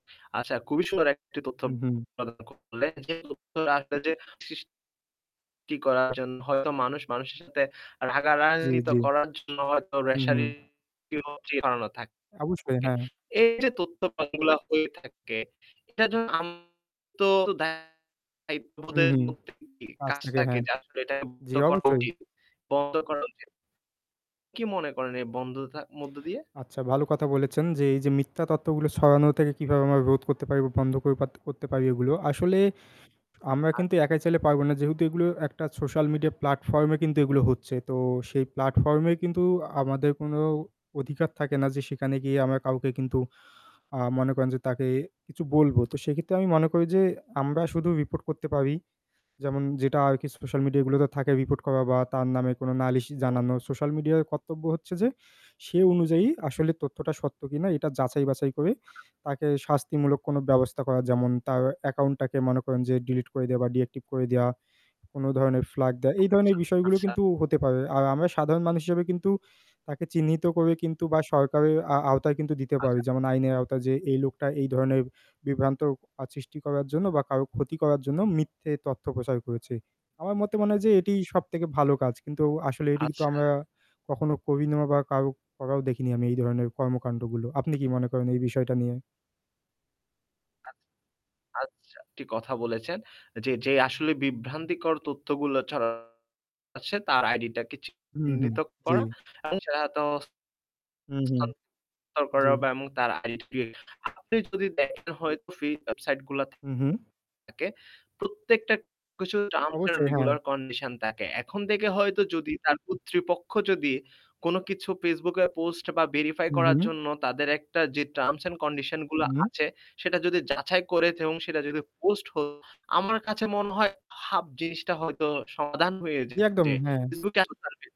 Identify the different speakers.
Speaker 1: আচ্ছা খুবই সুন্দর একটি তথ্য
Speaker 2: উহু।
Speaker 1: প্রদান করলেন। যে তথ্যটা আসলে যে শিস কি করার জন্য হয়তো মানুষ, মানুষের সাথে
Speaker 2: জি,
Speaker 1: রাগারাগি তো
Speaker 2: জি,
Speaker 1: করার জন্য হয়তো
Speaker 2: হু, হু।
Speaker 1: রেশারি [unintelligible] করানো থাকে।
Speaker 2: অবশ্যই, হ্যাঁ।
Speaker 1: এই যে তথ্য প্রমানগুলা হয়ে থাকে এটার জন্য আম তো দায়িত্ববোধের
Speaker 2: উহু।
Speaker 1: মধ্যে [unintelligible]
Speaker 2: আজ
Speaker 1: কাজ
Speaker 2: থেকে,
Speaker 1: থাকে
Speaker 2: হ্যাঁ।
Speaker 1: যা আসলে এটাকে বন্ধ
Speaker 2: জি,
Speaker 1: করা
Speaker 2: অবশ্যই।
Speaker 1: উচিত, বন্ধ করা উচিত। কি মনে করেন এই বন্ধতা মধ্য দিয়ে?
Speaker 2: আচ্ছা, ভালো কথা বলেছেন যে, এই যে মিথ্যা তথ্যগুলো ছড়ানো থেকে কিভাবে আমরা রোধ করতে পারি বা বন্ধ করে পাত্তে করতে পারি এগুলো। আসলে আমরা
Speaker 1: আচ্ছা।
Speaker 2: কিন্তু একাই চালে পারব না। যেহেতু এগুলো একটা social media platform-এ কিন্তু এগুলো হচ্ছে। তো সেই platform-এ কিন্তু আমাদের কোনো অধিকার থাকে না যে সেখানে গিয়ে আমরা কাউকে কিন্তু আ মনে করেন যে তাকে কিছু বলব। তো সে ক্ষেত্রে আমি মনে করি যে আমরা শুধু report করতে পারি। যেমন যেটা আর কি social media গুলোতে থাকে report করা বা তার নামে কোনো নালিশ
Speaker 1: হুম।
Speaker 2: জানানো। social media-র কর্তব্য হচ্ছে যে সে অনুযায়ী আসলে তথ্যটা সত্য কিনা এটা যাচাই-বাছাই করে তাকে শাস্তিমূলক কোনো ব্যবস্থা করা। যেমন তার account টাকে মনে করেন যে delete করে দেওয়া বা deactivate করে দেওয়া, কোনো ধরনের flag দেওয়া। এই
Speaker 1: আচ্ছা,
Speaker 2: ধরনের বিষয়গুলো
Speaker 1: আচ্ছা।
Speaker 2: কিন্তু হতে পারে। আর আমরা সাধারণ মানুষ হিসেবে কিন্তু তাকে চিহ্নিত করে কিন্তু বা সরকারের আ আওতায় কিন্তু দিতে পারি।
Speaker 1: আচ্ছা।
Speaker 2: যেমন আইনের আওতায়, যে এই লোকটা এই ধরনের বিভ্রান্তি আ সৃষ্টি করার জন্য বা কারো ক্ষতি করার জন্য মিথ্যে তথ্য প্রচার করেছে। আমার মতে মনে হয় যে এটিই সবথেকে ভালো কাজ। কিন্তু আসলে এটি তো
Speaker 1: আচ্ছা।
Speaker 2: আমরা কখনো করি না বা কারো করাও দেখিনি আমি এই ধরনের কর্মকাণ্ডগুলো। আপনি কি মনে করেন এই বিষয়টা নিয়ে?
Speaker 1: আচ্ছা। আচ্ছা, একটি কথা বলেছেন যে, যে আসলে বিভ্রান্তিকর তথ্যগুলো ছড়াচ্ছে তার ID টাকে
Speaker 2: হু, হু,
Speaker 1: চিহ্নিত
Speaker 2: জি।
Speaker 1: করা। আচ্ছা তো
Speaker 2: উহু।
Speaker 1: হস্থান্তর করা
Speaker 2: জি।
Speaker 1: বা এবং তার identification আপনি যদি দেখেন হয়তো free website গুলাতে
Speaker 2: উহু।
Speaker 1: থাকে প্রত্যেকটা কিছু terms and
Speaker 2: অবশ্যই, হ্যাঁ।
Speaker 1: regular condition থাকে। এখন থেকে হয়তো যদি তার কর্তৃপক্ষ যদি কোনো কিছু Facebook এ post বা verify করার
Speaker 2: উহু।
Speaker 1: জন্য তাদের একটা যে terms and condition গুলা
Speaker 2: উহু।
Speaker 1: আছে সেটা যদি যাচাই করে এবং সেটা যদি post হয় আমার কাছে মনে হয় হাফ জিনিসটা হয়তো সমাধান হয়ে
Speaker 2: জি,
Speaker 1: যেত।
Speaker 2: একদম।
Speaker 1: যে
Speaker 2: হ্যাঁ।
Speaker 1: Facebook এখন তার verify